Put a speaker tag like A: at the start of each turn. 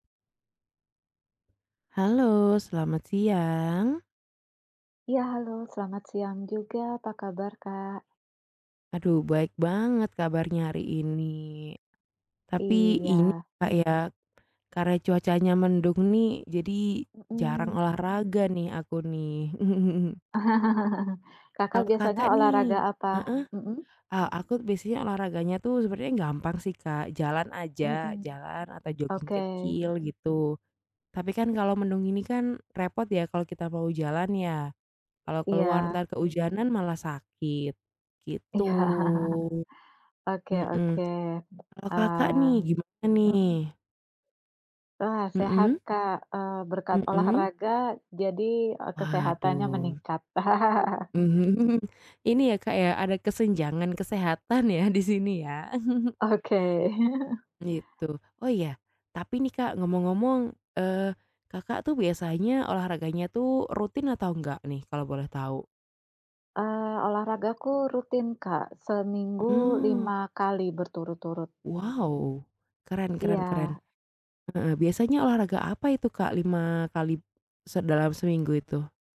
A: Halo, selamat siang.
B: Iya, halo. Selamat siang juga. Apa kabar, Kak?
A: Aduh baik banget kabarnya hari ini. Tapi ini,
B: Iya.
A: Kak, ya karena cuacanya mendung nih, jadi jarang
B: Mhm.
A: olahraga nih aku nih.
B: Kakak
A: Kalau Kakak
B: biasanya olahraga
A: nih
B: apa?
A: heeh,
B: Mhm.
A: ah, a aku biasanya olahraganya tuh sebenernya gampang sih, Kak, jalan aja,
B: Mhm,
A: jalan atau joging
B: oke.
A: kecil gitu. Tapi kan, kalau mendung gini kan, repot ya kalau kita mau jalan ya. Kalau keluar
B: Iya.
A: entar keujanan malah sakit, gitu,
B: Iya. Oke
A: mhm.
B: oke.
A: Kalo, Kakak
B: Eee,
A: nih, gimana
B: mhm.
A: nih?
B: Wah sehat,
A: Mhm.
B: Kak, eee, berkat
A: Mhm.
B: olahraga jadi e kesehatannya
A: Waduh.
B: meningkat.
A: Mhm. Ini ya, Kak, ya, ada kesenjangan kesehatan ya di sini ya.
B: Oke.
A: Gitu. Oh ya, tapi nih, Kak, ngomong-ngomong, eee, Kakak tuh biasanya olahraganya tuh rutin atau enggak nih kalau boleh tahu?
B: Eee, olahragaku rutin, Kak, seminggu
A: Oh.
B: 5 kali berturut-turut.
A: Wow! Keren keren keren,
B: Iya.
A: heeh. Biasanya olahraga apa itu, Kak, 5 kali se dalam seminggu itu?